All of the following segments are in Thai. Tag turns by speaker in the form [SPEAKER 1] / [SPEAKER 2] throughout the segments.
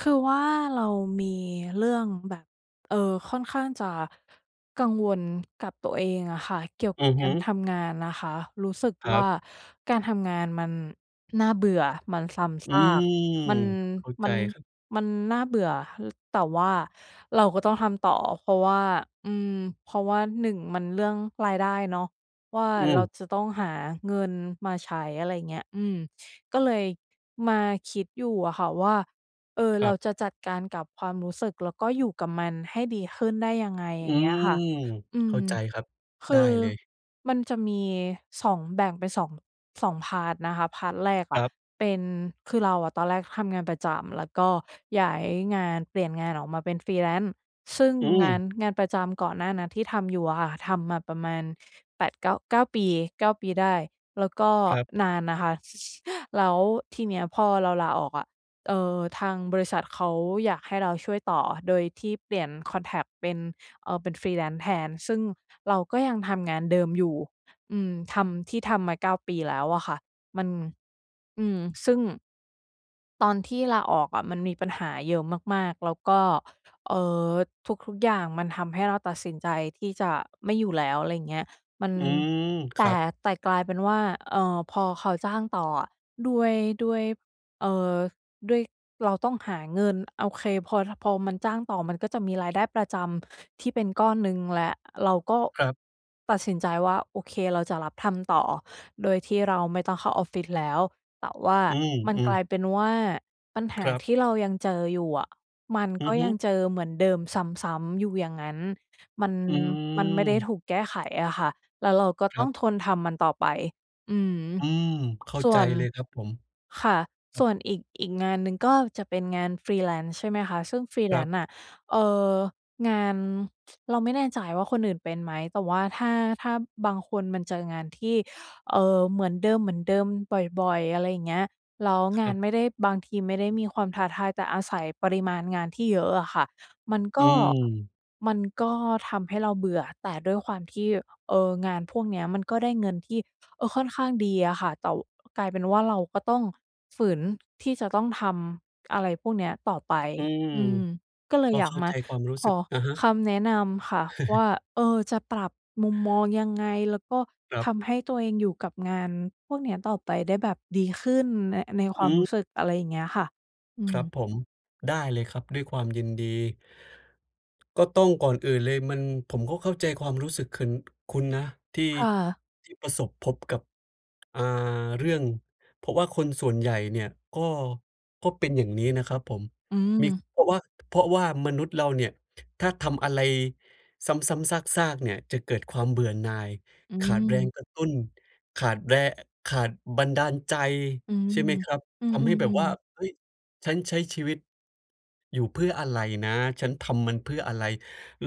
[SPEAKER 1] คือว่า เรามีเรื่องแบบ เอ่อ ค่อนข้างจะ กังวลกับตัวเองอะค่ะ เกี่ยวก
[SPEAKER 2] อื
[SPEAKER 1] ับ
[SPEAKER 2] อ
[SPEAKER 1] ก
[SPEAKER 2] ฮ
[SPEAKER 1] า
[SPEAKER 2] ึ
[SPEAKER 1] รทำงานนะคะ รู้สึก
[SPEAKER 2] คร
[SPEAKER 1] ว
[SPEAKER 2] ั
[SPEAKER 1] ่า
[SPEAKER 2] บ
[SPEAKER 1] การทำงานมันน่าเบื่อ มันซ้
[SPEAKER 2] อ
[SPEAKER 1] ำซ
[SPEAKER 2] ื
[SPEAKER 1] า
[SPEAKER 2] ม
[SPEAKER 1] ก มัน
[SPEAKER 2] เข้า
[SPEAKER 1] ม
[SPEAKER 2] ใจ
[SPEAKER 1] ัน
[SPEAKER 2] ครับ
[SPEAKER 1] มันน่าเบื่อ ฮ แต่ว่าเราก็ต้องทำต่อ เพราะว่า อืม เพราะว่า 1 มันเรื่องรายได้เนาะว่า
[SPEAKER 2] อ
[SPEAKER 1] เรา
[SPEAKER 2] ืม
[SPEAKER 1] จะต้องหาเงินมาใช้ อะไรเงี้ย อืม ก็เลยมาคิดอยู่อะค่ะว่า เออ
[SPEAKER 2] ค
[SPEAKER 1] เ
[SPEAKER 2] ร
[SPEAKER 1] ร
[SPEAKER 2] ั
[SPEAKER 1] า
[SPEAKER 2] บ
[SPEAKER 1] จะจัดการกับความรู้สึก แล้วก็อยู่กับมันให้ดีขึ้นได้ยังไง? อย
[SPEAKER 2] อ
[SPEAKER 1] ่
[SPEAKER 2] ื
[SPEAKER 1] างเงี้
[SPEAKER 2] ม
[SPEAKER 1] ยค่ะ อื
[SPEAKER 2] เข
[SPEAKER 1] ม
[SPEAKER 2] ้าใจครับ
[SPEAKER 1] ค
[SPEAKER 2] ได้
[SPEAKER 1] ือ
[SPEAKER 2] เลย
[SPEAKER 1] มันจะมี 2 แบ่งเป็น 2- 2 พาร์ต นะคะ พาร์ต แรกอ
[SPEAKER 2] ค
[SPEAKER 1] ะ
[SPEAKER 2] รับ
[SPEAKER 1] เป็น คือเราอะตอนแรกทำงานประจำ แล้วก็ย้ายงาน เปลี่ยนงานออกมาเป็น Freelance ซึ่ง
[SPEAKER 2] อ
[SPEAKER 1] งา
[SPEAKER 2] ืม
[SPEAKER 1] น งานประจำก่อนหน้านั้น ที่ทำอยู่อะค่ะ ทำมาประมาณ 8 9- 9 ปี 9 ปีได้ แล้วก็
[SPEAKER 2] ครับ
[SPEAKER 1] นานนะคะ ซ แล้วทีเนี้ยพอเราลาออกอะ เอ่อ ทางบริษัทเขาอยากให้เราช่วยต่อ โดยที่เปลี่ยนคอนแท็กต์เป็น เอ่อ เป็น Freelance แทน ซึ่งเราก็ยังทำงานเดิมอยู่ อืม ทำ ที่ทำมา 9 ปีแล้วอะค่ะ มัน อืม ซึ่ง ตอนที่ลาออกอะ มันมีปัญหาเยอะมาก ๆ แล้วก็ เอ่อ ทุก ๆ อย่างมันทำให้เราตัดสินใจที่จะไม่อยู่แล้ว อะไรเงี้ย มัน
[SPEAKER 2] อืม ค
[SPEAKER 1] แต
[SPEAKER 2] รั
[SPEAKER 1] ่
[SPEAKER 2] บ
[SPEAKER 1] แต่กลายเป็นว่า เอ่อ พอเขาจ้างต่ออะ ด้วย ด้วย เอ่อ ด้วยเราต้องหาเงิน โอเค พอ ท พอมันจ้างต่อ มันก็จะมีรายได้ประจำ ที่เป็นก้อนหนึ่งและ เราก็
[SPEAKER 2] ครับ
[SPEAKER 1] ตัดสินใจว่า โอเค เราจะรับทำต่อ โดยที่เราไม่ต้องเข้าออฟฟิศแล้ว แต่ว่า
[SPEAKER 2] อื
[SPEAKER 1] มันก
[SPEAKER 2] ม
[SPEAKER 1] ล
[SPEAKER 2] ๆ
[SPEAKER 1] ายเป็นว่า ปัญห
[SPEAKER 2] ค
[SPEAKER 1] า
[SPEAKER 2] รับ
[SPEAKER 1] ที่เรายังเจออยู่อะ มัน
[SPEAKER 2] อื
[SPEAKER 1] ก็
[SPEAKER 2] อฮึ
[SPEAKER 1] ยังเจอเหมือนเดิมซ้ำ ๆ อยู่อย่างงั้น มัน
[SPEAKER 2] อื
[SPEAKER 1] มันไม่ได้
[SPEAKER 2] ม
[SPEAKER 1] ถูกแก้ไขอะค่ะ แล้วเราก็
[SPEAKER 2] ค
[SPEAKER 1] ต้
[SPEAKER 2] รั
[SPEAKER 1] อ
[SPEAKER 2] บ
[SPEAKER 1] งทนทำมันต่อไป อือฮึ
[SPEAKER 2] อืม เข้า
[SPEAKER 1] ส่
[SPEAKER 2] ใจ
[SPEAKER 1] วน
[SPEAKER 2] เลยครับผม
[SPEAKER 1] ค่ะ
[SPEAKER 2] ครั
[SPEAKER 1] ส
[SPEAKER 2] บ
[SPEAKER 1] ่วนอีก อีกงานหนึ่ง ก็จะเป็นงาน Freelance ใช่ไหมคะ ซึ่ง
[SPEAKER 2] ครับ
[SPEAKER 1] Freelance น่ะ เอ่อ งาน เราไม่แน่ใจว่าคนอื่นเป็นไหม แต่ว่าถ้า ถ้าบางคนมาเจองานที่ เอ่อ เหมือนเดิม ๆ บ่อย ๆ อะไรอย่างเงี้ย แล้ว
[SPEAKER 2] ค
[SPEAKER 1] งา
[SPEAKER 2] รั
[SPEAKER 1] น
[SPEAKER 2] บ
[SPEAKER 1] ไม่ได้ บางทีไม่ได้มีความท้าทาย แต่อาศัยปริมาณงานที่เยอะอะค่ะ มัน
[SPEAKER 2] อ
[SPEAKER 1] ก
[SPEAKER 2] ื
[SPEAKER 1] ็
[SPEAKER 2] ม
[SPEAKER 1] มันก็ทำให้เราเบื่อ แต่ด้วยความที่ เออ งานพวกเนี้ย มันก็ได้เงินที่ เออ ค่อนข้างดีอะค่ะ แต่ ว กลายเป็นว่า เราก็ต้องฝืนที่จะต้องทำอะไรพวกเนี้ยต่อไป
[SPEAKER 2] อืม
[SPEAKER 1] อืม ก็เล
[SPEAKER 2] ก
[SPEAKER 1] ย
[SPEAKER 2] ็
[SPEAKER 1] อยา
[SPEAKER 2] เ
[SPEAKER 1] ก
[SPEAKER 2] ข้า
[SPEAKER 1] ม
[SPEAKER 2] ใ
[SPEAKER 1] า
[SPEAKER 2] จความรู้
[SPEAKER 1] ข
[SPEAKER 2] สึก
[SPEAKER 1] อ
[SPEAKER 2] อะฮะ
[SPEAKER 1] คำแนะนำค่ะว่า เออ จะปรับมุมมองยังไง? แล้วก็
[SPEAKER 2] ครั
[SPEAKER 1] ท
[SPEAKER 2] บ
[SPEAKER 1] ำให้ตัวเองอยู่กับงานพวกเนี้ย ต่อไปได้แบบดีขึ้นใน ในค
[SPEAKER 2] อ
[SPEAKER 1] วามรู
[SPEAKER 2] ืม
[SPEAKER 1] ้สึก? อะไรอย่างเงี้ยค่ะ อื
[SPEAKER 2] ครับ
[SPEAKER 1] ม
[SPEAKER 2] ผม ได้เลยครับ ด้วยความยินดี ก็ต้อง ก่อนอื่นเลย มัน ผมก็เข้าใจความรู้สึกขึน คุณนะ ที่
[SPEAKER 1] ค่ะ
[SPEAKER 2] ที่ประสบพบกับ อ่า เรื่อง เพราะว่าคนส่วนใหญ่เนี่ย ก็ ก็เป็นอย่างนี้นะครับผม
[SPEAKER 1] อื
[SPEAKER 2] มี
[SPEAKER 1] ม
[SPEAKER 2] เพราะว่า เพราะว่ามนุษย์เราเนี่ย ถ้าทำอะไรซ้ำ ๆ ซาก ๆ เนี่ย จะเกิดความเบื่อหน่าย
[SPEAKER 1] อื
[SPEAKER 2] ขาดแรง
[SPEAKER 1] ม
[SPEAKER 2] กระตุ้น ขาดแร อ ขาดบันดาลใจ
[SPEAKER 1] อืม
[SPEAKER 2] ใช่ไหมครับ?
[SPEAKER 1] อื
[SPEAKER 2] ทำให้แบบว
[SPEAKER 1] ม
[SPEAKER 2] ่า
[SPEAKER 1] ๆ ๆ
[SPEAKER 2] "เฮ้ย! ฉันใช้ชีวิต อยู่เพื่ออะไรนะ ฉันทำมันเพื่ออะไร?"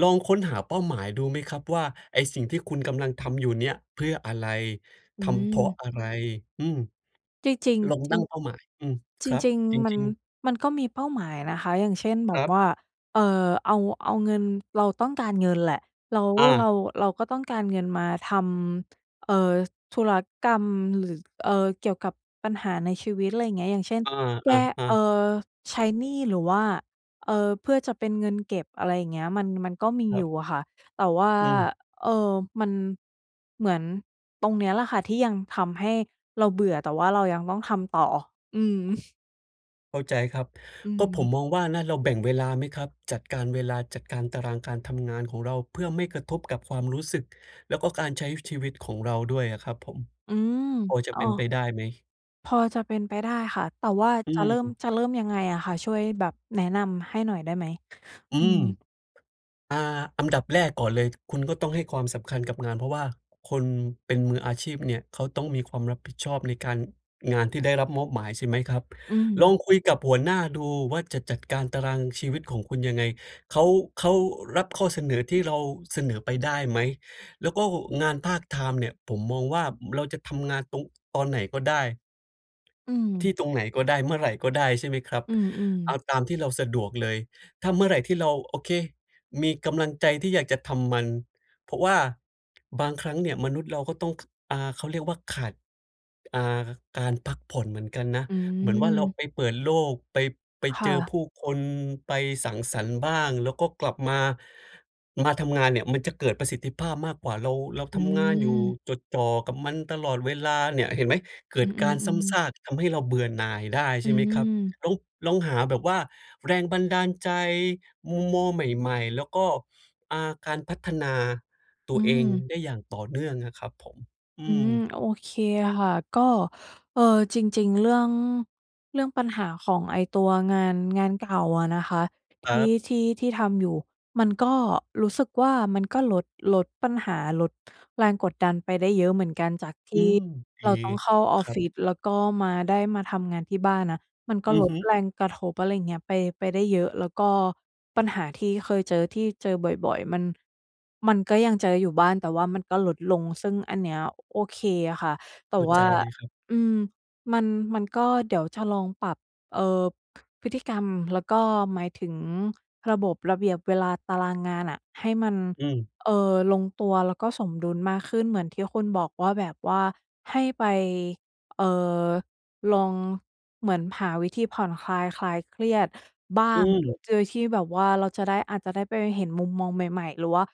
[SPEAKER 2] ลองค้นหาเป้าหมายดูไหมครับ? ว่าไอ้สิ่งที่คุณกำลังทำอยู่เนี่ย เพื่ออะไร?
[SPEAKER 1] อื
[SPEAKER 2] ทำเพราะ
[SPEAKER 1] ม
[SPEAKER 2] อะไร? อืม
[SPEAKER 1] จริง
[SPEAKER 2] ลอง
[SPEAKER 1] ๆ จร
[SPEAKER 2] ต
[SPEAKER 1] ิ
[SPEAKER 2] ั้
[SPEAKER 1] ง
[SPEAKER 2] งเป้าหมาย อืม
[SPEAKER 1] จ
[SPEAKER 2] ครับ
[SPEAKER 1] ริง
[SPEAKER 2] จร
[SPEAKER 1] ๆ มัน
[SPEAKER 2] ิง ๆ
[SPEAKER 1] มันก็มีเป้าหมายนะคะ อย่างเช่น แบ
[SPEAKER 2] ค
[SPEAKER 1] บ
[SPEAKER 2] รับ
[SPEAKER 1] ว่า เอ่อ เอา เอาเงิน เราต้องการเงินแหละ แล้ว
[SPEAKER 2] อ
[SPEAKER 1] เร
[SPEAKER 2] า
[SPEAKER 1] า เราก็ต้องการเงินมาทำ เอ่อ ธุรกรรม หรือ เอ่อ เกี่ยวกับปัญหาในชีวิต ไรอย่างเงี้ย อย่างเช่น
[SPEAKER 2] อา
[SPEAKER 1] แก
[SPEAKER 2] อ
[SPEAKER 1] ้
[SPEAKER 2] ะ
[SPEAKER 1] เอ่อ
[SPEAKER 2] ๆ
[SPEAKER 1] ใช้หนี้ หรือว่า เอ่อ เพื่อจะเป็นเงินเก็บ อะไรอย่างเงี้ย มัน มันก็มี
[SPEAKER 2] คร
[SPEAKER 1] อย
[SPEAKER 2] ั
[SPEAKER 1] ู่
[SPEAKER 2] บ
[SPEAKER 1] อะค่ะ แต่ว่า
[SPEAKER 2] อืม
[SPEAKER 1] เอ่อ มัน เหมือนตรงเนี้ยแหละค่ะ ที่ยังทำให้เราเบื่อ แต่ว่าเรายังต้องทำต่อ อืม
[SPEAKER 2] เข้าใจครับ
[SPEAKER 1] อื
[SPEAKER 2] ก็ผ
[SPEAKER 1] ม
[SPEAKER 2] มมองว่านะ เราแบ่งเวลาไหมครับ? จัดการเวลา จัดการตารางการทำงานของเรา เพื่อไม่กระทบกับความรู้สึก แล้วก็การใช้ ว ชีวิตของเราด้วยอะครับผม
[SPEAKER 1] อืม
[SPEAKER 2] พอจะ
[SPEAKER 1] อ้
[SPEAKER 2] เ
[SPEAKER 1] อ
[SPEAKER 2] ป็นไปได้ไหม?
[SPEAKER 1] พอจะเป็นไปได้ค่ะ แต่ว่า
[SPEAKER 2] อื
[SPEAKER 1] จะเริ่ม
[SPEAKER 2] ม
[SPEAKER 1] จะเริ่มยังไงอะคะ? ช่วยแบบแนะนำให้หน่อยได้ไหม?
[SPEAKER 2] อื
[SPEAKER 1] อื
[SPEAKER 2] ม
[SPEAKER 1] ม
[SPEAKER 2] อา อันดับ แรกก่อนเลย คุณก็ต้องให้ความสำคัญกับงาน เพราะว่าคนเป็นมืออาชีพเนี่ย เขาต้องมีความรับผิดชอบในการ งานที่ได้รับมอบหมาย ใช่ไหมครับ?
[SPEAKER 1] อื
[SPEAKER 2] ลอ
[SPEAKER 1] ม
[SPEAKER 2] งคุยกับหัวหน้าดูว่า จะจัดการตารางชีวิตของคุณยังไง เขา เขารับข้อเสนอที่เราเสนอไปได้ไหม? แล้วก็งานพาร์ตไทม์เนี่ย ผมมองว่าเราจะทำงานตรง ตอนไหนก็ได้
[SPEAKER 1] อื
[SPEAKER 2] ที่
[SPEAKER 1] ม
[SPEAKER 2] ตรงไหนก็ได้ เมื่อไรก็ได้ ใช่ไหมครับ?
[SPEAKER 1] อืม
[SPEAKER 2] เอ
[SPEAKER 1] ๆ
[SPEAKER 2] าตามที่เราสะดวกเลย ถ้าเมื่อไรที่เรา โอเค มีกำลังใจที่อยากจะทำมัน เพราะว่าบางครั้งเนี่ย มนุษย์เราก็ต้อง ข อา เขาเรียกว่า ขาด อ่า ก การพักผ่อนเหมือนกันนะ
[SPEAKER 1] อื
[SPEAKER 2] เหมือนว่าเรา
[SPEAKER 1] ม
[SPEAKER 2] ไปเปิดโลก ไป ไป
[SPEAKER 1] ค
[SPEAKER 2] เ
[SPEAKER 1] ่
[SPEAKER 2] จอ
[SPEAKER 1] ะ
[SPEAKER 2] ผู้คน ไปสังสรรค์บ้าง แล้วก็กลับมา มาทำงานเนี่ย มันจะเกิดประสิทธิภาพมากกว่า เรา เรา
[SPEAKER 1] อ
[SPEAKER 2] ทำงานอยู่
[SPEAKER 1] ืม
[SPEAKER 2] จดจ่อกับมันตลอดเวลาเนี่ย เห็นไหม? เกิ
[SPEAKER 1] อื
[SPEAKER 2] ดการซ้
[SPEAKER 1] อ
[SPEAKER 2] ำซ
[SPEAKER 1] ๆ ๆ
[SPEAKER 2] าก ทำให้เราเบื่อหน่ายได้
[SPEAKER 1] อ
[SPEAKER 2] ใช
[SPEAKER 1] ื
[SPEAKER 2] ่ไหมครับ
[SPEAKER 1] ม
[SPEAKER 2] แล้ว ลองหาแบบว่าแรงบันดาลใจ มุมมองใหม่ ๆ แล้วก็ อ่า การพัฒนาต
[SPEAKER 1] อ
[SPEAKER 2] ั
[SPEAKER 1] ื
[SPEAKER 2] วเอง
[SPEAKER 1] ม
[SPEAKER 2] ได้อย่างต่อเนื่องอะครับผม อ
[SPEAKER 1] อ
[SPEAKER 2] ื
[SPEAKER 1] ืม
[SPEAKER 2] ม
[SPEAKER 1] โอเคค่ะ ก็ เอ่อ จริง ๆ เรื่อง เรื่องปัญหาของไอ้ตัวงาน งานเก่าอะนะคะ ท
[SPEAKER 2] ครั
[SPEAKER 1] ี่
[SPEAKER 2] บ
[SPEAKER 1] ที่ ที่ทำอยู่ มันก็รู้สึกว่า มันก็ลด ลดปัญหา ลดแรงกดดันไปได้เยอะเหมือนกัน จากท
[SPEAKER 2] อื
[SPEAKER 1] ี่
[SPEAKER 2] ม ด
[SPEAKER 1] เร
[SPEAKER 2] ี
[SPEAKER 1] าต้องเข้าออ
[SPEAKER 2] ค
[SPEAKER 1] ฟ
[SPEAKER 2] รั
[SPEAKER 1] ฟ
[SPEAKER 2] บ
[SPEAKER 1] ิศ แล้วก็มา ได้มาทำงานที่บ้านน่ะ มันก็
[SPEAKER 2] อื
[SPEAKER 1] ล
[SPEAKER 2] อฮ
[SPEAKER 1] ด
[SPEAKER 2] ึ
[SPEAKER 1] แรงกระทบ อะไรอย่างเงี้ย ไป ไปได้เยอะ แล้วก็ปัญหาที่เคยเจอ ที่เจอบ่อย ๆ มัน มันก็ยังเจออยู่บ้าง แต่ว่ามันก็ลดลง ซึ่งอันนี้โอเคอะค่ะ แต
[SPEAKER 2] เข
[SPEAKER 1] ่
[SPEAKER 2] ้า
[SPEAKER 1] ว
[SPEAKER 2] ใ
[SPEAKER 1] ่
[SPEAKER 2] จ
[SPEAKER 1] า
[SPEAKER 2] เลยครับ
[SPEAKER 1] อืม มัน มันก็ เดี๋ยวจะลองปรับ เอ่อ พฤติกรรม แล้วก็ หมายถึงระบบ ระเบียบ เวลา ตารางงานน่ะ ให้มัน
[SPEAKER 2] อืม
[SPEAKER 1] เอ่อ ลงตัว แล้วก็สมดุลมากขึ้น เหมือนที่คุณบอกว่าแบบว่า ให้ไป เอ่อ ลองเหมือนหาวิธีผ่อนคลาย คลายเครียดบ้า
[SPEAKER 2] อื
[SPEAKER 1] ง
[SPEAKER 2] ม
[SPEAKER 1] โดยที่แบบว่าเราจะได้ อาจจะได้ไปเห็นมุมมองใหม่ ๆ หรือว่า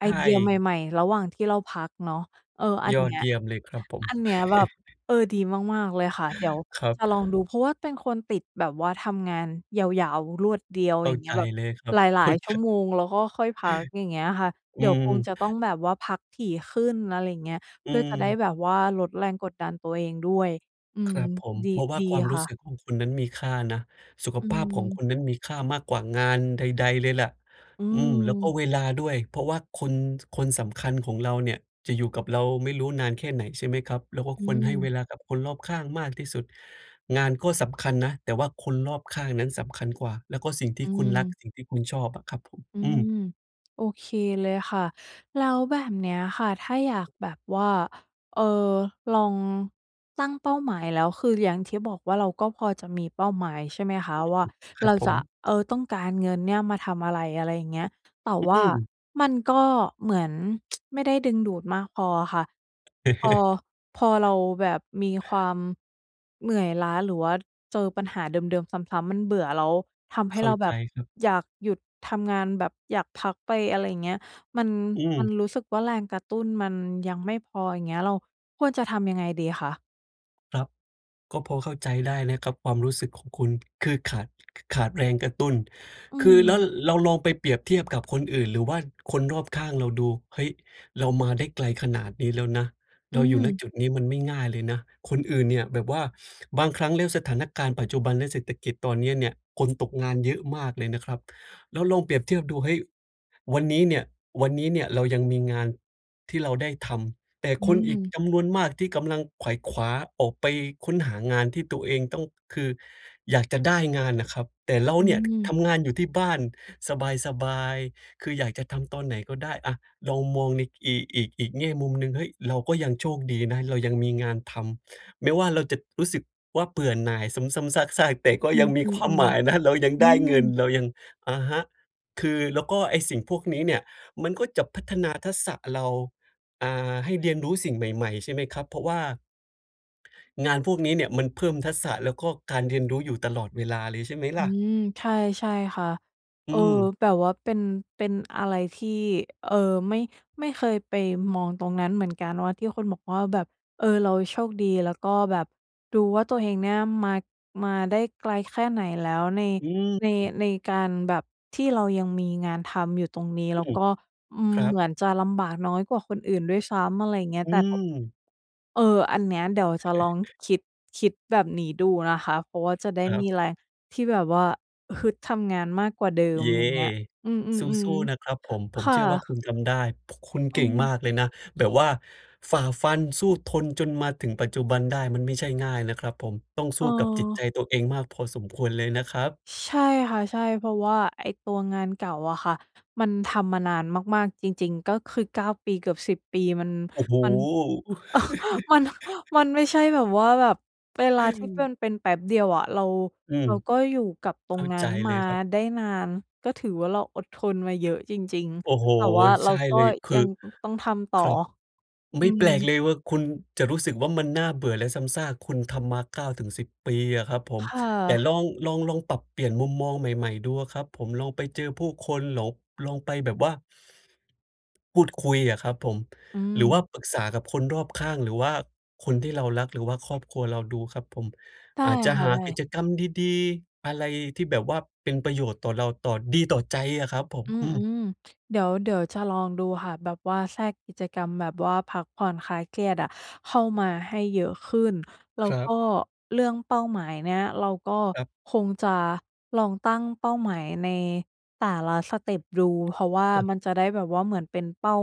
[SPEAKER 1] ไ
[SPEAKER 2] ใ
[SPEAKER 1] อ
[SPEAKER 2] ช
[SPEAKER 1] เดีย
[SPEAKER 2] ่
[SPEAKER 1] ใหม่ ๆ ระหว่างที่เราพักเนาะ เออ อัน
[SPEAKER 2] ย
[SPEAKER 1] เ
[SPEAKER 2] อ
[SPEAKER 1] นี
[SPEAKER 2] ด
[SPEAKER 1] ้ย
[SPEAKER 2] เยี่ยมเลยครับผม
[SPEAKER 1] อันเนี้ยแบบ เออ ดีมาก ๆ เลยค่ะ เดี๋ยว
[SPEAKER 2] ครับ
[SPEAKER 1] จะลองดู เพราะว่าเป็นคนติดแบบว่าทำงานยาว ๆ รวดเดียว
[SPEAKER 2] เข
[SPEAKER 1] อ
[SPEAKER 2] ้
[SPEAKER 1] ย
[SPEAKER 2] า
[SPEAKER 1] ่างเงี
[SPEAKER 2] ใ
[SPEAKER 1] ้
[SPEAKER 2] จ
[SPEAKER 1] ยแบบ
[SPEAKER 2] เลยครั
[SPEAKER 1] ห
[SPEAKER 2] บ
[SPEAKER 1] ล
[SPEAKER 2] เข
[SPEAKER 1] า
[SPEAKER 2] ้า
[SPEAKER 1] ย ๆ ช
[SPEAKER 2] จ
[SPEAKER 1] ั่ว
[SPEAKER 2] ะ
[SPEAKER 1] โมง แล้วก็ค่อยพัก อย่างเงี้ยค่ะ เ
[SPEAKER 2] อ
[SPEAKER 1] ด
[SPEAKER 2] ื
[SPEAKER 1] ี๋ยวคง
[SPEAKER 2] ม
[SPEAKER 1] จะต้องแบบว่าพักถี่ขึ้น อะไรอย่างเงี้ย
[SPEAKER 2] อ
[SPEAKER 1] เ
[SPEAKER 2] ื
[SPEAKER 1] พื่อจะได้
[SPEAKER 2] ม
[SPEAKER 1] แบบว่าลดแรงกดดันตัวเองด้วย อื
[SPEAKER 2] ค
[SPEAKER 1] ม
[SPEAKER 2] รับผม
[SPEAKER 1] ดี
[SPEAKER 2] เพราะว่า
[SPEAKER 1] ดี
[SPEAKER 2] ความร
[SPEAKER 1] ค
[SPEAKER 2] ู
[SPEAKER 1] ่
[SPEAKER 2] ้ส
[SPEAKER 1] ะ
[SPEAKER 2] ึกของคุณนั้นมีค่านะ สุข
[SPEAKER 1] อื
[SPEAKER 2] ภาพของค
[SPEAKER 1] ม
[SPEAKER 2] นนั้นมีค่ามากกว่างานใด ๆ เลยแหละ
[SPEAKER 1] อื
[SPEAKER 2] อืม แล้วก็
[SPEAKER 1] ม
[SPEAKER 2] เวลาด้วย เพราะว่าคน ช คนสำคัญของเราเนี่ย จะอยู่กับเราไม่รู้นานแค่ไหน ใช่ไหมครับ? เราก็
[SPEAKER 1] อื
[SPEAKER 2] ควรให้เว
[SPEAKER 1] ม
[SPEAKER 2] ลากับคนรอบข้างมากที่สุด งานก็สำคัญนะ แต่ว่าคนรอบข้างนั้นสำคัญกว่า แล้วก็สิ่งที
[SPEAKER 1] อื
[SPEAKER 2] ่คุณรัก
[SPEAKER 1] ม
[SPEAKER 2] สิ่งที่คุณชอบอะครับผม
[SPEAKER 1] อื
[SPEAKER 2] อื
[SPEAKER 1] ม
[SPEAKER 2] ม
[SPEAKER 1] โอเคเลยค่ะ แล้วแบบเนี้ยค่ะ ถ้าอยากแบบว่า เอ่อ ลองตั้งเป้าหมายแล้ว คืออย่างที่บอกว่า เราก็พอจะมีเป้าหมาย ใช่ไหมคะ
[SPEAKER 2] อืม
[SPEAKER 1] ว่า
[SPEAKER 2] คร
[SPEAKER 1] เ
[SPEAKER 2] ั
[SPEAKER 1] รา
[SPEAKER 2] บผ
[SPEAKER 1] จะ
[SPEAKER 2] ม
[SPEAKER 1] เอ่อ ต้องการเงินเนี่ย มาทำอะไร อะไรอย่างเงี้ย แต่ว
[SPEAKER 2] อื
[SPEAKER 1] ่า
[SPEAKER 2] ม
[SPEAKER 1] มันก็เหมือน ไม่ได้ดึงดูดมากพออะค่ะ พอ พอเราแบบมีความเหนื่อยล้า หรือว่าเจอปัญหาเดิม ๆ ซ้ำ ๆ มันเบื่อ แล้วทำให
[SPEAKER 2] เ
[SPEAKER 1] ้
[SPEAKER 2] ข้
[SPEAKER 1] เ
[SPEAKER 2] า
[SPEAKER 1] ราแบ
[SPEAKER 2] ใจ
[SPEAKER 1] บ
[SPEAKER 2] ครับ
[SPEAKER 1] อยากหยุดทำงาน แบบอยากพักไป อะไรอย่างเงี้ย มัน
[SPEAKER 2] อื
[SPEAKER 1] มั
[SPEAKER 2] ม
[SPEAKER 1] นรู้สึกว่า แรงกระตุ้นมันยังไม่พอ อย่างเงี้ย เราควรจะทำยังไงดีคะ?
[SPEAKER 2] ครับ ก็พอเข้าใจได้นะครับ ความรู้สึกของคุณคือขาด ข ขาดแรงกระตุ้น
[SPEAKER 1] อื
[SPEAKER 2] คือแล้ว
[SPEAKER 1] ม
[SPEAKER 2] เราลองไปเปรียบเทียบกับคนอื่น หรือว่าคนรอบข้างเราดู เฮ้ย เรามาได้ไกลขนาดนี้แล้วนะ
[SPEAKER 1] อื
[SPEAKER 2] เราอยู่ ณ
[SPEAKER 1] ม
[SPEAKER 2] จุดนี้มันไม่ง่ายเลยนะ คนอื่นเนี่ยแบบว่า บางครั้งแล้วสถานการณ์ปัจจุบัน และเศรษฐกิจตอนนี้เนี่ย คนตกงานเยอะมากเลยนะครับ แล้วลองเปรียบเทียบดู เฮ้ย วันนี้เนี่ย วันนี้เนี่ยเรายังมีงานที่เราได้ทำ แต่
[SPEAKER 1] อื
[SPEAKER 2] คนอีก
[SPEAKER 1] ม
[SPEAKER 2] จำนวนมากที่กำลังไขว่คว้า ออกไปค้นหางานที่ตัวเองต้อง คืออยากจะได้งานน่ะครับ แต่เรา
[SPEAKER 1] อื
[SPEAKER 2] เนี่ย ค ท
[SPEAKER 1] ม
[SPEAKER 2] ำงานอยู่ที่บ้านสบาย ๆ คืออยากจะทำตอนไหนก็ได้ อา ลองมองในอีก อีก อีกแง่มุมหนึ่ง เฮ้ย เราก็ยังโชคดีนะ เรายังมีงานทำ ไม่ว่าเราจะรู้สึกว่าเบื่อหน่าย ซ้ำ ๆ ซาก ๆ แต่ก็
[SPEAKER 1] อื
[SPEAKER 2] ยังมี
[SPEAKER 1] ม
[SPEAKER 2] ความหมาย
[SPEAKER 1] ๆ
[SPEAKER 2] นะ เรายัง
[SPEAKER 1] ๆ อื
[SPEAKER 2] ได้เงิน
[SPEAKER 1] ม
[SPEAKER 2] เรายัง อะฮะ คือ แล้วก็ไอ้สิ่งพวกนี้เนี่ยมันก็จะพัฒนาทักษะ เรา อ่า ให้เรียนรู้สิ่งใหม่ ๆ ใช่ไหมครับ เพราะว่า งานพวกนี้เนี่ยมันเพิ่มทักษะ แล้วก็การเรียนรู้อยู่ตลอดเวลาเลย ใช่ไหม
[SPEAKER 1] อื
[SPEAKER 2] ล่ะ?
[SPEAKER 1] ม ใช่ ใช่ค่ะ
[SPEAKER 2] อ
[SPEAKER 1] เ
[SPEAKER 2] ื
[SPEAKER 1] ออ
[SPEAKER 2] ม
[SPEAKER 1] แบบว่าเป็น เป็นอะไรที่ เอ่อ ไม่ ไม่เคยไปมองตรงนั้นเหมือนกันว่า ที่คุณบอกว่าแบบ เออ เราโชคดี แล้วก็แบบดูว่าตัวเองเนี่ยมา มาได้ไกลแค่ไหนแล้วใน
[SPEAKER 2] อื
[SPEAKER 1] ใน
[SPEAKER 2] ม
[SPEAKER 1] ในการแบบที่เรายังมีงานทำอยู่ตรงนี้ แ
[SPEAKER 2] อ
[SPEAKER 1] ล
[SPEAKER 2] ื
[SPEAKER 1] ้วก
[SPEAKER 2] ม
[SPEAKER 1] ็ อืม
[SPEAKER 2] ครั
[SPEAKER 1] เหม
[SPEAKER 2] บ
[SPEAKER 1] ือนจะลำบาก น้อยกว่าคนอื่นด้วยซ้ำ อะไรอย่างเงี้ย
[SPEAKER 2] อื
[SPEAKER 1] แต่
[SPEAKER 2] ม
[SPEAKER 1] เออ อันเนี้ยเดี๋ยวจะลองคิด คิดแบบนี้ดูนะคะ เพราะว่าจะได้
[SPEAKER 2] ครั
[SPEAKER 1] มี
[SPEAKER 2] บ
[SPEAKER 1] แรงที่แบบว่าฮึดทำงานมากกว่าเดิม
[SPEAKER 2] เย้
[SPEAKER 1] อย่างเงี้ย อื
[SPEAKER 2] ส
[SPEAKER 1] ม
[SPEAKER 2] ู้ ๆ นะค
[SPEAKER 1] ๆ
[SPEAKER 2] รับผม ผ
[SPEAKER 1] ๆ
[SPEAKER 2] ม
[SPEAKER 1] ค่
[SPEAKER 2] เ
[SPEAKER 1] ะ
[SPEAKER 2] ชื่อว่าคุณทำได้ ค คุณ
[SPEAKER 1] อ
[SPEAKER 2] เก
[SPEAKER 1] ื
[SPEAKER 2] ่ง
[SPEAKER 1] ม
[SPEAKER 2] มากเลยนะ แบบว่าฝ่าฟัน สู้ทน จนมาถึงปัจจุบันได้ มันไม่ใช่ง่ายนะครับผม ต้องสู้กับจิตใจ
[SPEAKER 1] เออ
[SPEAKER 2] ตัวเองมากพอสมควรเลยนะครับ
[SPEAKER 1] ช ใช่ค่ะ ใช่ เพราะว่าไอ้ตัวงานเก่าอะค่ะ มันทำมานานมาก ๆ จริง ๆ ก็คือ 9 ปีเกือบ 10 ปี มัน
[SPEAKER 2] โอ้โฮ
[SPEAKER 1] มัน มัน มันไม่ใช่แบบว่า แบบเวลา ที่เพื่อนเป็นแป๊บเดียวอะ เรา
[SPEAKER 2] อืม
[SPEAKER 1] เราก็อยู่กับตร
[SPEAKER 2] เข
[SPEAKER 1] ง
[SPEAKER 2] ้า
[SPEAKER 1] นั้
[SPEAKER 2] ใจ
[SPEAKER 1] น
[SPEAKER 2] เ
[SPEAKER 1] ม
[SPEAKER 2] ล
[SPEAKER 1] า
[SPEAKER 2] ยครับ
[SPEAKER 1] ได้นาน ก็ถือว่าเราอดทนมาเยอะจริง
[SPEAKER 2] โอ้โฮ
[SPEAKER 1] ๆ แต่ว่าเ
[SPEAKER 2] ใ
[SPEAKER 1] ร
[SPEAKER 2] ช
[SPEAKER 1] า
[SPEAKER 2] ่
[SPEAKER 1] ก็
[SPEAKER 2] เลย คื
[SPEAKER 1] ยั
[SPEAKER 2] อ
[SPEAKER 1] ง อ ต้องทำต่
[SPEAKER 2] ค
[SPEAKER 1] อ
[SPEAKER 2] รับ
[SPEAKER 1] อ
[SPEAKER 2] ไ
[SPEAKER 1] ื
[SPEAKER 2] ม่แปลก
[SPEAKER 1] ม
[SPEAKER 2] เลยว่า คุณจะรู้สึกว่ามันน่าเบื่อและซ้ำซาก คุณทำมา 9-10 ปีอะครับผ
[SPEAKER 1] ค
[SPEAKER 2] ม
[SPEAKER 1] ่
[SPEAKER 2] แต่
[SPEAKER 1] ะ
[SPEAKER 2] ลอง ลอง ลองปรับเปลี่ยนมุมมองใหม่ ๆ ดูอะครับผม ลองไปเจอผู้คน หลอง ลองไปแบบว่า พูดคุยอะครับผม
[SPEAKER 1] อื
[SPEAKER 2] หรือว่า
[SPEAKER 1] ม
[SPEAKER 2] ปรึกษากับคนรอบข้าง หรือว่าคนที่เรารัก หรือว่าครอบครัวเราดูครับผม
[SPEAKER 1] ได้
[SPEAKER 2] อาจจะ
[SPEAKER 1] ค่ะ
[SPEAKER 2] หา
[SPEAKER 1] ได
[SPEAKER 2] ก
[SPEAKER 1] ้
[SPEAKER 2] ิจกรรมดี ๆ อะไรที่แบบว่าเป็นประโยชน์ต่อเรา ต่อ ดีต่อใจอะครับผม
[SPEAKER 1] อื
[SPEAKER 2] อืม
[SPEAKER 1] ม ๆ เดี๋ยว เดี๋ยวจะลองดูค่ะ แบบว่าแทรกกิจกรรมแบบว่าพักผ่อนคลายเครียดอะเข้า
[SPEAKER 2] อื
[SPEAKER 1] ม
[SPEAKER 2] ้อ
[SPEAKER 1] า
[SPEAKER 2] ฮือ
[SPEAKER 1] ให้เยอะขึ้น แล้
[SPEAKER 2] ค
[SPEAKER 1] ว
[SPEAKER 2] รั
[SPEAKER 1] ก็
[SPEAKER 2] บ
[SPEAKER 1] เรื่องเป้าหมายเนี้ย เราก็
[SPEAKER 2] ครับ
[SPEAKER 1] คงจะลองตั้งเป้าหมายในแต่ละสเต็ปดู เพราะว่า
[SPEAKER 2] อา
[SPEAKER 1] มันจะได้แบบว่าเหมือนเป็นเป้า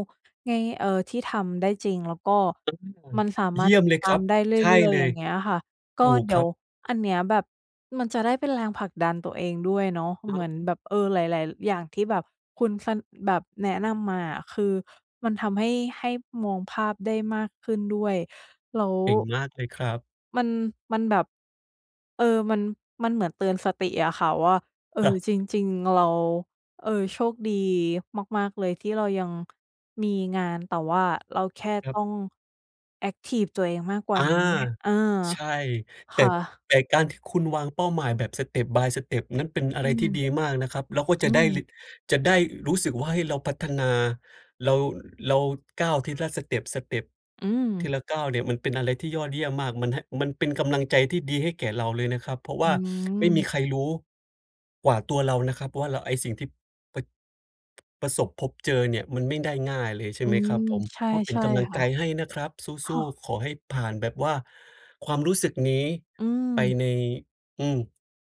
[SPEAKER 1] ใน เอ่อ ที่ทำได้จริง แล้วก็
[SPEAKER 2] อา
[SPEAKER 1] มันสาม
[SPEAKER 2] เ
[SPEAKER 1] า
[SPEAKER 2] ย
[SPEAKER 1] รถ
[SPEAKER 2] ี่ย
[SPEAKER 1] ต
[SPEAKER 2] ม
[SPEAKER 1] ิด
[SPEAKER 2] เลย
[SPEAKER 1] ตา
[SPEAKER 2] คร
[SPEAKER 1] ม
[SPEAKER 2] ับ
[SPEAKER 1] ได้เร
[SPEAKER 2] ใช
[SPEAKER 1] ื
[SPEAKER 2] ่
[SPEAKER 1] ่อย
[SPEAKER 2] เ
[SPEAKER 1] ๆ
[SPEAKER 2] ล
[SPEAKER 1] อย่า
[SPEAKER 2] ย
[SPEAKER 1] งเงี้ยอะค่ะ ก็
[SPEAKER 2] ถูก
[SPEAKER 1] เดี๋
[SPEAKER 2] ค
[SPEAKER 1] ย
[SPEAKER 2] ร
[SPEAKER 1] ว
[SPEAKER 2] ับ
[SPEAKER 1] อันเนี้ยแบบมันจะได้เป็นแรงผลักดันตัวเองด้วยเนาะ
[SPEAKER 2] อ๋
[SPEAKER 1] เหมือนแบ
[SPEAKER 2] อ
[SPEAKER 1] บ เออ หลาย ๆ ร อย่างที่แบบคุณ ส แบบแนะนำมาอะ คือมันทำให้ ให้มองภาพได้มากขึ้นด้วย แล้ว
[SPEAKER 2] เก่งมากเลยครับ
[SPEAKER 1] มัน มันแบบ เออ มัน มันเหมือนเตือนสติอะค่ะว่า เออ
[SPEAKER 2] ฮะ
[SPEAKER 1] จริง ๆ เรา เออ โชคดีมาก ๆ เลย ที่เรายัง มีงาน แต่ว่าเราแค่
[SPEAKER 2] ค
[SPEAKER 1] ต
[SPEAKER 2] รั
[SPEAKER 1] ้
[SPEAKER 2] บ
[SPEAKER 1] อง แอ็กทิฟตัวเองมากกว่
[SPEAKER 2] อ
[SPEAKER 1] า
[SPEAKER 2] า
[SPEAKER 1] นีอะ อา
[SPEAKER 2] ใช่ แ
[SPEAKER 1] ค
[SPEAKER 2] ต่
[SPEAKER 1] ่ะ
[SPEAKER 2] แต่การที่คุณวางเป้าหมายแบบ step by step นั้นเป็นอะ
[SPEAKER 1] อ
[SPEAKER 2] ไ
[SPEAKER 1] ื
[SPEAKER 2] รท
[SPEAKER 1] ม
[SPEAKER 2] ี่ดีมากนะครับ แล้วก็
[SPEAKER 1] อื
[SPEAKER 2] จะได้รี
[SPEAKER 1] ม
[SPEAKER 2] จะได้รู้สึกว่า เฮ้ย เราพัฒนา เรา เราก้าวทีละ สเต็ป สเต็ป
[SPEAKER 1] อื
[SPEAKER 2] ที
[SPEAKER 1] ม
[SPEAKER 2] ละก้าวเนี่ย มันเป็นอะไรที่ยอดเยี่ยมมาก มันให้ มันเป็นกำลังใจที่ดีให้แก่เราเลยนะครับ เพราะว
[SPEAKER 1] อื
[SPEAKER 2] ่า ไม่มี
[SPEAKER 1] ม
[SPEAKER 2] ใครรู้ กว่าตัวเรานะครับ ว่าเรา ไอ้สิ่งที่ ปะ ประสบพบเจอเนี่ย มันไม่ได้ง่ายเลยใช่
[SPEAKER 1] อื
[SPEAKER 2] ไหมคร
[SPEAKER 1] ม
[SPEAKER 2] ับผม?
[SPEAKER 1] ใช
[SPEAKER 2] ก็เป็น
[SPEAKER 1] ่
[SPEAKER 2] กำลัง
[SPEAKER 1] ๆ ค
[SPEAKER 2] ใ
[SPEAKER 1] ่
[SPEAKER 2] จ
[SPEAKER 1] ะ
[SPEAKER 2] ให้นะครับ
[SPEAKER 1] ค
[SPEAKER 2] สู
[SPEAKER 1] ่
[SPEAKER 2] ้
[SPEAKER 1] ะ
[SPEAKER 2] ๆ ขอให้ผ่านแบบว่า ความรู้สึกนี้
[SPEAKER 1] อื
[SPEAKER 2] ไป
[SPEAKER 1] ม
[SPEAKER 2] ใน อืม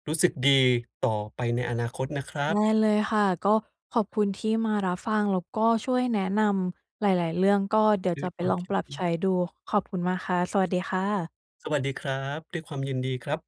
[SPEAKER 2] รู้สึกดีต่อไปในอนาคตนะครั
[SPEAKER 1] ได
[SPEAKER 2] บ
[SPEAKER 1] ้เลยค่ะ ก็ขอบคุณที่มารับฟัง แล้วก็ช่วยแนะนำหลาย ๆ เรื่อง ก็เดี๋ยว
[SPEAKER 2] ด้
[SPEAKER 1] จ
[SPEAKER 2] ว
[SPEAKER 1] ะ
[SPEAKER 2] ย
[SPEAKER 1] ไป
[SPEAKER 2] ควา
[SPEAKER 1] ล
[SPEAKER 2] ม
[SPEAKER 1] อง
[SPEAKER 2] ยิ
[SPEAKER 1] ป
[SPEAKER 2] น
[SPEAKER 1] รับ
[SPEAKER 2] ด
[SPEAKER 1] ใช
[SPEAKER 2] ี
[SPEAKER 1] ้ดู ขอบคุณมากค่ะ สวัสดีค่ะ
[SPEAKER 2] สวัสดีครับ ด้วยความยินดีครับ